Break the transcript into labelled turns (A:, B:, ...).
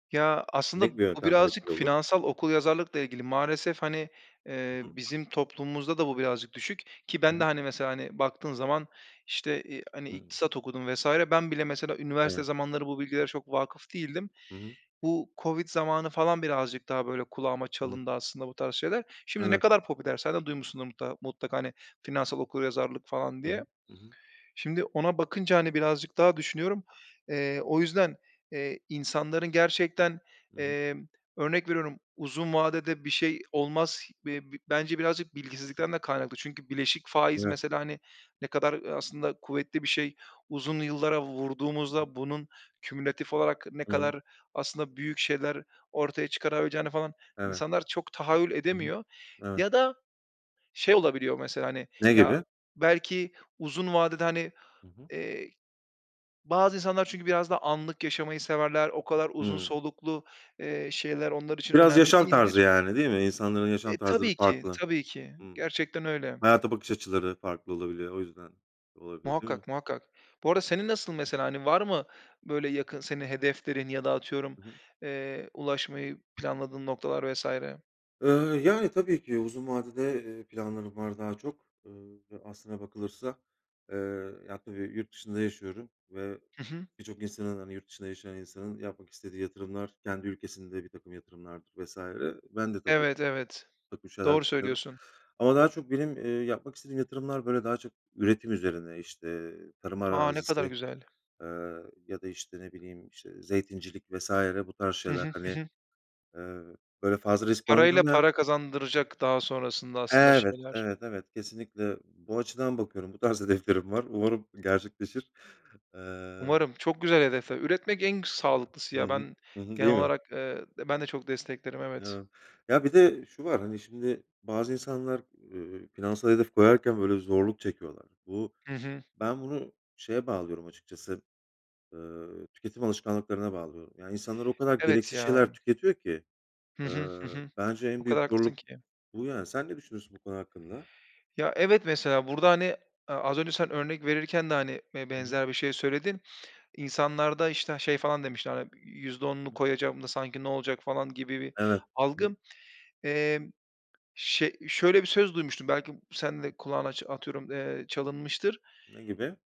A: Ya,
B: Ne
A: aslında
B: gibi
A: bu
B: yöntemler
A: birazcık
B: etkili olur?
A: finansal okuryazarlıkla ilgili maalesef hani, eee,
B: Hı hı.
A: bizim toplumumuzda da bu birazcık düşük ki
B: Hı
A: ben de
B: hı.
A: hani, mesela, hani, baktığın zaman işte i hani,
B: Hımm.
A: iktisat okudum vs. ben bile, mesela, üniversite
B: Hıı.
A: zamanları bu bilgilere çok vâkıf değildim.
B: Hı hı.
A: Bu COVID zamanı falan birazcık daha böyle kulağıma
B: Hı hı.
A: çalındı aslında bu tarz şeyler. Şimdi ne
B: Evet.
A: kadar popüler, sen de duymuşsundur mutla mutlaka, hani, "finansal okuryazarlık" falan
B: Hı hı,
A: diye.
B: hı hı.
A: Şimdi ona bakınca, hani,
B: [unintelligible]
A: birazcık daha düşünüyorum. Eee, o yüzden, eee, insanların gerçekten,
B: Hı hı.
A: emm, örnek veriyorum uzun vadede bir şey olmaz. Be bi bence birazcık
B: Hı hı.
A: bilgisizlikten de kaynaklı. Çünkü "bileşik faiz"
B: [unintelligible]
A: mesela hani ne kadar, ııı, aslında kuvvetli bir şey. Uzun yıllara
B: Hı hı.
A: vurduğumuzda bunun kümülatif olarak ne
B: Hı hı.
A: kadar aslında büyük şeyler ortaya çıkarabileceğini falan
B: Evet.
A: insanlar çok tahayyül
B: Hı hı,
A: edemiyor.
B: evet.
A: Ya da şey olabiliyor, mesela, hani,
B: Ne
A: ya,
B: gibi?
A: belki uzun vadede, hani,
B: Hı hı.
A: eee, bazı insanlar çünkü biraz daha anlık yaşamayı severler, o kadar uzun
B: Hımm.
A: soluklu, eee, şeyler onlar için
B: Biraz
A: önemli
B: yaşam tarzı
A: değildir.
B: yani, değil mi? İnsanların
A: E eee,
B: yaşam tarzları
A: tabii ki,
B: farklı.
A: tabii ki.
B: Hı.
A: Gerçekten öyle.
B: Hayata bakış açıları farklı olabiliyor. O yüzden olabilir, değil mi?
A: Muhakkak, muhakkak. Bu arada senin nasıl mesela? Hani, var mı, böyle, yakın, senin hedeflerin ya da atıyorum,
B: Hı hı.
A: eee, ulaşmayı planladığın noktalar vs.
B: Iıı, yani, tabii ki uzun vadede, eee, planlarım var daha çok, ııı, aslına bakılırsa. Eee, ya, tabii yurt dışında yaşıyorum ve
A: Hı hı.
B: birçok insanın, hani, yurt dışında yaşayan insanın, yapmak istediği yatırımlar, kendi ülkesinde birtakım yatırımlardır vs. Ben de tabii,
A: Evet, evet.
B: birtakım şeyler
A: Doğru
B: düşünüyorum
A: söylüyorsun.
B: ama daha çok benim, eee, yapmak istediğim yatırımlar, böyle, daha çok üretim üzerine, işte, tarım
A: A! Ne
B: arazisi,
A: kadar güzel.
B: eee, ya da, işte, ne bileyim işte zeytincilik vs. Bu tarz
A: Hı
B: şeyler...
A: hı,
B: Hani,
A: hı hı.
B: eee, böyle fazla risk
A: Parayla
B: barındırmayan
A: para kazandıracak daha sonrasında aslında
B: Evet,
A: şeyler.
B: evet, evet. Kesinlikle. Bu açıdan bakıyorum. Bu tarz hedeflerim var. Umarım gerçekleşir. Eee
A: Umarım. Çok güzel hedefler. Üretmek en k sağlıklısı,
B: Hı
A: ya
B: hı.
A: ben
B: Hı hı.
A: genel
B: Değil mi?
A: olarak, eee, ben de çok desteklerim, evet.
B: Evet. Ya, bir de şu var: Hani, şimdi, bazı insanlar, eee, finansal hedef koyarken böyle zorluk çekiyorlar. Bu
A: Hı hı.
B: ben bunu şeye bağlıyorum açıkçası, ııı, tüketim alışkanlıklarına bağlıyorum. Yani insanlar o kadar
A: Evet
B: gereksiz
A: ya.
B: şeyler tüketiyor ki,
A: Hı hı, hı
B: ııı,
A: hı.
B: bence
A: O
B: en
A: kadar
B: büyük
A: haklısın
B: zorluk
A: ki.
B: bu yani. Sen ne düşünüyorsun bu konu hakkında?
A: Ya, evet mesela burada hani, eee, az önce sen örnek verirken de hani be
B: Hı hı.
A: benzer bir şey söyledin. İnsanlarda işte şey falan demiştin, hani, "%10'unu
B: Hı hı.
A: koyacağım da sanki ne olacak?" falan gibi bir
B: Evet. Hı hı.
A: algı. Emm, şe şöyle bir söz duymuştum, belki b sen de kulağını aç atıyorum, eee, çalınmıştır.
B: Ne gibi?